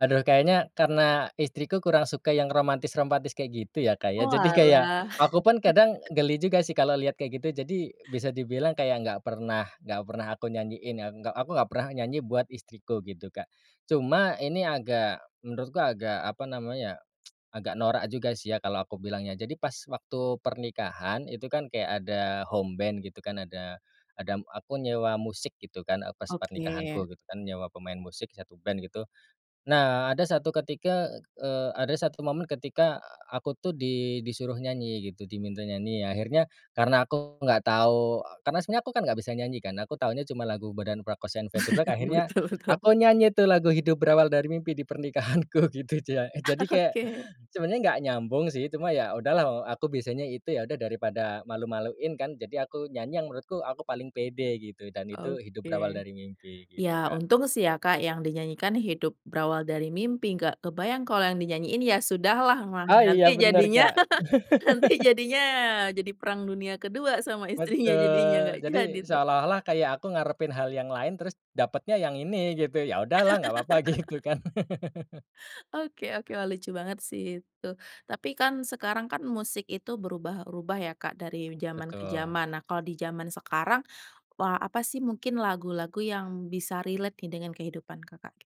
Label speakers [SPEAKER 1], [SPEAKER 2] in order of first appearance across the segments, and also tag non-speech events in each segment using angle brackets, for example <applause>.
[SPEAKER 1] Aduh kayaknya karena istriku kurang suka yang romantis-romantis kayak gitu ya Kak ya jadi kayak,
[SPEAKER 2] Oalah. <laughs>
[SPEAKER 1] aku pun kadang geli juga sih kalau lihat kayak gitu jadi, bisa dibilang kayak nggak pernah nggak pernah aku nyanyiin ya nggak aku nggak pernah nyanyi buat istriku gitu Kak. Cuma ini agak, menurutku agak apa namanya, <tsk> agak norak juga sih ya kalau aku bilangnya jadi pas waktu pernikahan itu kan kayak ada homeband gitu kan ada ada aku nyewa musik gitu kan, e pas
[SPEAKER 2] Oke.
[SPEAKER 1] pernikahanku gitu kan, nyewa pemain musik 1 band gitu. Nah ada 1 ketika, eee, ada 1 momen ketika, aku tuh di di suruh nyanyi gitu diminta nyanyi akhirnya karena aku enggak tahu karena sebenarnya aku kan nggak bisa nyanyi kan aku taunya cuma lagu Bondan Prakoso and Fade2Black
[SPEAKER 2] <chuckles>
[SPEAKER 1] akhirnya,
[SPEAKER 2] Betul betul.
[SPEAKER 1] aku nyanyi tuh lagu Hidup Berawal Dari Mimpi di pernikahanku gitu jak jadi kayak,
[SPEAKER 2] Oke.
[SPEAKER 1] sebenarnya nggak nyambung sih cuma ya udahlah, eee, aku bisanya itu ya udah daripada malu-maluin kan, jadi aku nyanyi yang menurutku aku paling pede gitu dan itu Hidup Berawal
[SPEAKER 2] Oke.
[SPEAKER 1] Dari Mimpi
[SPEAKER 2] Ya
[SPEAKER 1] gitu Kak.
[SPEAKER 2] untung sih ya Kak yang dinyanyikan Hidup Berawal Dari Mimpi nggak kebayang kalo yang dinyanyiin Ya Sudahlah mah
[SPEAKER 1] Oh iya
[SPEAKER 2] nanti
[SPEAKER 1] benar
[SPEAKER 2] jadinya,
[SPEAKER 1] Kak.
[SPEAKER 2] nanti
[SPEAKER 1] <laughs>
[SPEAKER 2] jadinya jadi perang dunia kedua sama istrinya jadinya, nggak
[SPEAKER 1] Betul jadi
[SPEAKER 2] jadi tuh.
[SPEAKER 1] seolah-olah kayak aku ngarepin hal yang lain terus dapetnya yang ini gitu ya udah lah nggak apa-apa gitu
[SPEAKER 2] <laughs>
[SPEAKER 1] kan. <laughs>
[SPEAKER 2] Oke oke wah lucu banget sih itu tapi kan sekarang kan musik itu berubah-ubah ya Kak dari zaman ke
[SPEAKER 1] Betul.
[SPEAKER 2] zaman nah kalau di zaman sekarang, wa apa sih mungkin lagu-lagu yang bisa relate nih dengan kehidupan Kakak gi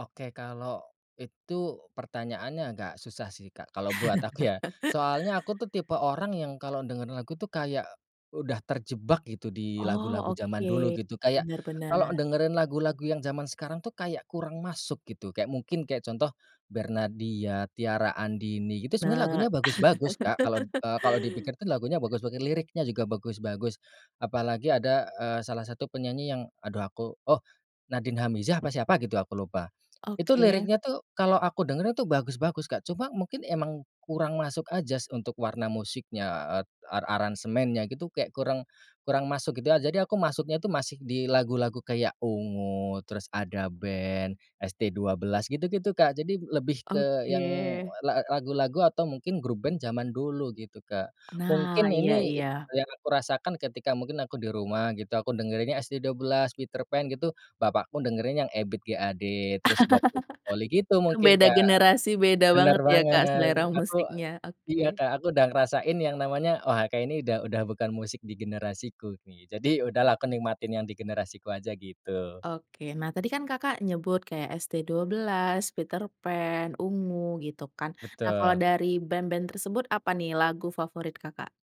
[SPEAKER 1] Oke kalau, itu pertanyaannya agak susah sih Kak kalau buat aku ya,
[SPEAKER 2] <chuckles>
[SPEAKER 1] soalnya aku tuh tipe orang yang kalau dengar lagu tuh kayak, udah terjebak gitu di
[SPEAKER 2] Oh
[SPEAKER 1] lagu-lagu zaman
[SPEAKER 2] oke,
[SPEAKER 1] dulu gitu kayak,
[SPEAKER 2] benar benar.
[SPEAKER 1] kalau dengerin lagu-lagu yang zaman sekarang tuh kayak kurang masuk gitu kayak mungkin kayak contoh, Bernadya, Tiara Andini gitu sebenarnya
[SPEAKER 2] Nah.
[SPEAKER 1] lagunya bagus-bagus Kak kalau,
[SPEAKER 2] <laughs>
[SPEAKER 1] eee, kalau dipikir kan lagunya bagus-bagus liriknya juga bagus-bagus. Apalagi ada, eee, salah satu penyanyi yang aduh aku oh, Nadin Amizah apa siapa gitu aku lupa. Itu
[SPEAKER 2] Oke.
[SPEAKER 1] liriknya tuh, kalau aku dengar itu bagus-bagus Kak cuma mungkin emang kurang masuk aja untuk warna musiknya, et eee, aransemennya gitu kayak kurang kurang masuk gitu aja jadi aku masuknya itu masih di lagu-lagu kayak Ungu, terus Ada Band, ST12 gitu gitu Kak jadi lebih ke yang
[SPEAKER 2] Oke.
[SPEAKER 1] la lagu-lagu atau mungkin grup band zaman dulu gitu Kak.
[SPEAKER 2] Nah,
[SPEAKER 1] Mungkin
[SPEAKER 2] iya
[SPEAKER 1] ini,
[SPEAKER 2] iya.
[SPEAKER 1] yang aku rasakan ketika mungkin aku di rumah gitu aku dengerinnya ST12, Peterpan gitu, bapakku dengerin yang Ebit G ade, terus Bob <unintelligible> gitu
[SPEAKER 2] <laughs>
[SPEAKER 1] mungkin
[SPEAKER 2] Beda
[SPEAKER 1] Kak.
[SPEAKER 2] generasi, beda
[SPEAKER 1] Benar
[SPEAKER 2] banget ya Kak
[SPEAKER 1] banget
[SPEAKER 2] selera
[SPEAKER 1] aku
[SPEAKER 2] musiknya,
[SPEAKER 1] iya
[SPEAKER 2] oke.
[SPEAKER 1] Kak, aku udah ngerasain yang namanya wah kayaknya ini udah udah bukan musik di generasiku, gi jadi udahlah aku nikmatin yang di generasiku aja gitu.
[SPEAKER 2] Oke nah tadi kan Kakak nyebut kayak ST12, Peterpan, Ungu, gitu kan, nah kalo
[SPEAKER 1] Betul.
[SPEAKER 2] dari band-band tersebut apa nih lagu favorit Kakak?